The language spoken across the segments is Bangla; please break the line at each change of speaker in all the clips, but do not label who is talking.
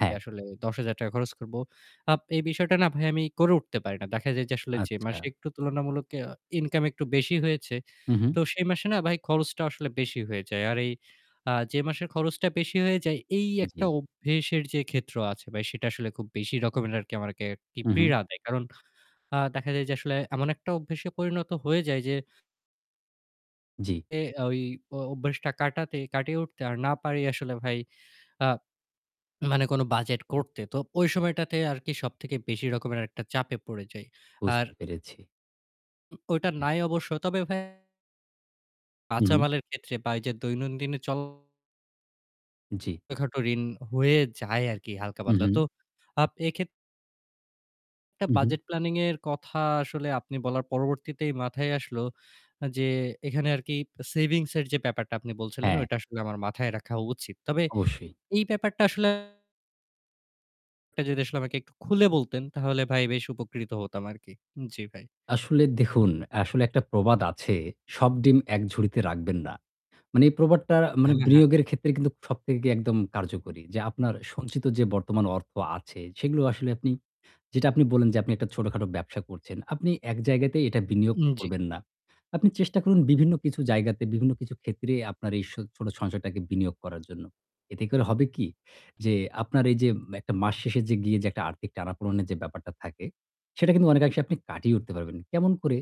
হ্যাঁ।
আসলে ৳১০, ০০০ খরচ করবো। আপ এই বিষয়টা না ভাই আমি করে উঠতে পারি না। দেখা যায় যে আসলে যে মাসে
আচ্ছা।
একটু তুলনামূলক আ ইনকাম একটু বেশি হয়েছে
হুম, হুম।
তো সেই মাসে না ভাই খরচটা আসলে বেশি হয়ে যায়। আর এই আ যে মাসের খরচটা বেশি হয়ে যায় এই একটা
জি।
অভ্যেসের যে ক্ষেত্র আছে ভাই সেটা আসলে খুব বেশি রকমের আরকি আমাকে আরকি
হুম, হুম।
পীড়া দেয়। কারণ আ দেখা যায় যে আসলে এমন একটা অভ্যাসে পরিণত হয়ে যায় যে
জি।
এ ওই অব অভ্যাসটা কাটাতে কাটিয়ে উঠতে আর না পারি আসলে ভাই। মানে কোন বাজেট করতে। তো ওই সময়টাতে আরকি সব থেকে বেশি রকমের একটা চাপে পড়ে যাই। আর
বুঝতে পেরেছি।
উ ওইটা
হ্যাঁ।
নাই অবশ্য। তবে ভাই
হুম, হুম।
কাঁচামালের ক্ষেত্রে বা এইযে দৈনন্দিনে চল
জি।
ছোটোখাটো ঋণ হয়ে যায় আরকি হালকা
হুম।
পাতলা।
হুম।
তো আপ এইক্ষেত্র একটা
হু, হুম।
budget planning এর কথা আসলে আপনি বলার পরবর্তীতেই মাথায় আসলো যে, এখানে আরকি savings এর যে ব্যাপারটা আপনি বলছিলেন
হ্যাঁ।
ওইটা আসলে আমার মাথায় রাখা উচিত। তবে
অবশ্যই।
এই ব্যাপারটা আসলে টা যদি আসলে আমাকে একটু খুলে বলতেন তাহলে ভাই বেশ উপকৃত হতাম আরকি। জি, ভাই।
আসলে দেখুন, আসলে একটা প্রবাদ আছে, 'সব ডিম এক ঝুড়িতে রাখবেন না।' মানে এই প্রবাদটার আ মানে
হ্যাঁ, হ্যাঁ।
বিনিয়োগের ক্ষেত্রে কিন্তু সবথেকে একদম কার্যকরী। যে আপনার সঞ্চিত যে বর্তমান অর্থ আছে সেগুলো আসলে আপনি যেটা আপনি বললেন যে আপনি একটা ছোটখাটো ব্যবসা করছেন। আপনি এক জায়গাতে এটা বিনিয়োগ
উম জি।
করবেন না। আপনি চেষ্টা করুন বিভিন্ন কিছু জায়গাতে, বিভিন্ন কিছু ক্ষেত্রে আপনার এই সো ছোট সঞ্চয়টাকে বিনিয়োগ করার জন্য। এতে করে হবে কি? যে আপনার এইযে একটা মাস শেষে যে গিয়ে যে একটা আর্থিক টানাপোড়নের যে ব্যাপারটা থাকে সেটা কিন্তু অনেকাংশে আপনি কাটিয়ে উঠতে পারবেন। কেমন করে?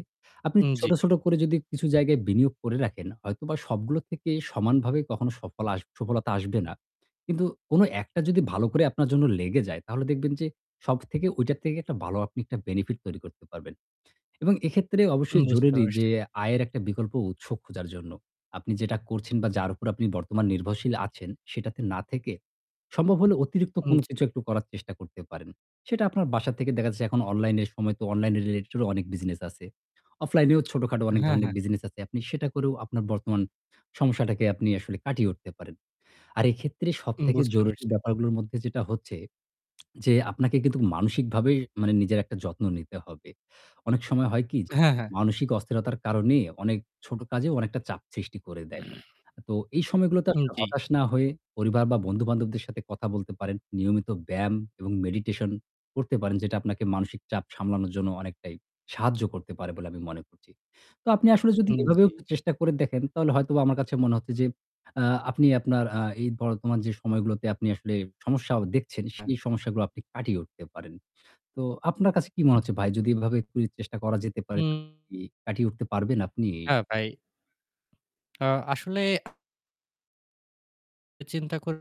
আপনি
উম জি।
ছোট, ছোট করে যদি কিছু জায়গায় বিনিয়োগ করে রাখেন হয়তোবা সবগুলো থেকে সমানভাবে কখনো সফল আস সফলতা আসবে না। কিন্তু কোন একটা যদি ভালো করে আপনার জন্য লেগে যায় তাহলে দেখবেন যে সবথেকে ওইটার থেকে একটা ভালো আপনি একটা benefit তৈরি করতে পারবেন। এবং এক্ষেত্রে অবশ্যই
বুঝতে
জরুরি যে
পারছি।
আয়ের একটা বিকল্প উৎস খুঁজার জন্য। আপনি যেটা করছেন বা যার উপর আপনি বর্তমান নির্ভরশীল আছেন সেটাতে না থেকে সম্ভব হলে অতিরিক্ত
উম
কোন
জি।
কিছু একটু করার চেষ্টা করতে পারেন। সেটা আপনার বাসা থেকে দেখা যাচ্ছে এখন অনলাইনে এর সময় তো online related অনেক বিজনেস আছে। অফলাইনেও ছোটখাটো অনেক
হ্যাঁ,
ধরনের
হ্যাঁ।
বিজনেস আছে। আপনি সেটা করেও আপনার বর্তমান সমস্যাটাকে আপনি আসলে কাটিয়ে উঠতে পারেন। আর এক্ষেত্রে
উম
সবথেকে
বুঝতে
জরুরি
পারছি।
ব্যাপারগুলোর মধ্যে যেটা হচ্ছে যে আপনাকে কিন্তু মানসিকভাবে মানে নিজের একটা যত্ন নিতে হবে। অনেক সময় হয় কি? যে
হ্যাঁ, হ্যাঁ।
মানসিক অস্থিরতার কারণে অনেক ছোট কাজেও অনেকটা চাপ সৃষ্টি করে দেয়। তো এই সময়গুলোতে
উম
আসলে
জি।
হতাশ না হয়ে পরিবার বা বন্ধু-বান্ধবদের সাথে কথা বলতে পারেন। নিয়মিত ব্যায়াম এবং meditation করতে পারেন যেটা আপনাকে মানসিক চাপ সামলানোর জন্য অনেকটাই সাহায্য করতে পারে বলে আমি মনে করছি। তো আপনি আসলে যদি
উম
এভাবেও
জি।
চেষ্টা করে দেখেন তাহলে হয়তোবা আমার কাছে মনে হচ্ছে যে আ আপনি আপনার আ এই বর্তমান যে সময়গুলোতে আপনি আসলে সমস্যা আ দেখছেন
আ
সেই সমস্যাগুলো আপনি কাটিয়ে উঠতে পারেন। তো আপনার কাছে কি মনে হচ্ছে ভাই? যদি এভাবে একটু চেষ্টা করা যেতে পারে তাহলে
উম
কি কাটিয়ে উঠতে পারবেন আপনি এই
হ্যাঁ, ভাই। আ আসলে এ চিন্তা করে